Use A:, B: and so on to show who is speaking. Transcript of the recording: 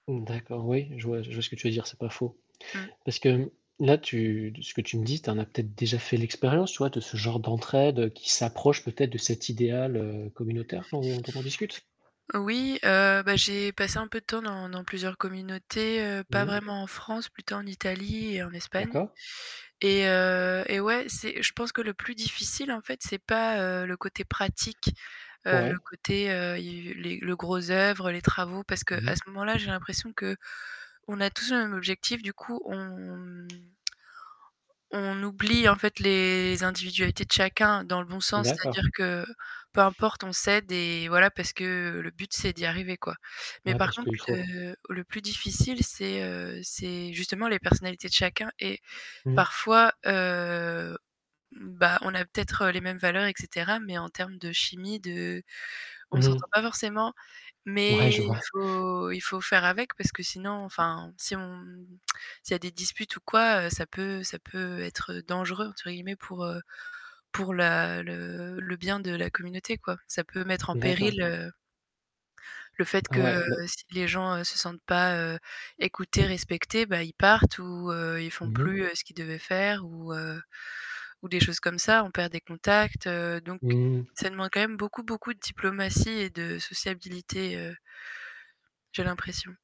A: Mmh d'accord, oui, je vois je vois ce que tu veux dire, c'est pas faux.
B: Mmh.
A: Parce que là tu ce que tu me dis, tu en as peut-être déjà fait l'expérience tu vois, de ce genre d'entraide, heu, qui s'approche peut-être de cet idéal, heu, communautaire dont dont on discute?
B: Oui, heu, bah j'ai passé un peu de temps dans dans plusieurs communautés, heu, pas
A: Mmh.
B: vraiment en France, plutôt en Italie et en Espagne.
A: D'accord.
B: Et, heu, et ouais, c'est je pense que le plus difficile en fait, c'est pas, heu, le côté pratique, heu, le
A: Ouais.
B: côté, heu, i u les le gros oeuvre, les travaux, parce qu'à
A: Mmh
B: ce
A: mh.
B: moment-là, j'ai l'impression qu'on a tous un objectif. Du coup, on, mmh, on oublie en fait les individualités de chacun dans le bon sens,
A: D'accord.
B: c'est-à-dire que, peu importe, on s'aide et voilà, parce que le but, c'est d'y arriver, quoi. Mais
A: Ouais
B: par
A: parce
B: contre,
A: qu'il faut.
B: heu, le plus difficile, c'est, heu, c'est justement les personnalités de chacun et
A: Mmh.
B: parfois, heu, bah on a peut-être les mêmes valeurs, et cetera, mais en termes de chimie de on
A: Mmh
B: s'entend
A: mh.
B: pas forcément,
A: Ouais,
B: mais
A: je
B: il
A: vois.
B: faut il faut faire avec, parce que sinon, enfin, si on s'il y a des disputes ou quoi, heu, ça peut ça peut être «dangereux», entre guillemets, pour, heu, pour la le le bien de la communauté, quoi. Ça peut mettre en
A: D'accord.
B: péril, heu le fait que,
A: Ouais, beh
B: heu, si les gens, heu, se sentent pas, heu, écoutés, respectés, bah ils partent ou, heu, ils font
A: Mmh mh.
B: plus, heu, ce qu'ils devaient faire ou, heu, ou des choses comme ça, on perd des contacts, heu. Donc,
A: Mmh.
B: ça demande quand même beaucoup, beaucoup de diplomatie et de sociabilité, heu j'ai l'impression.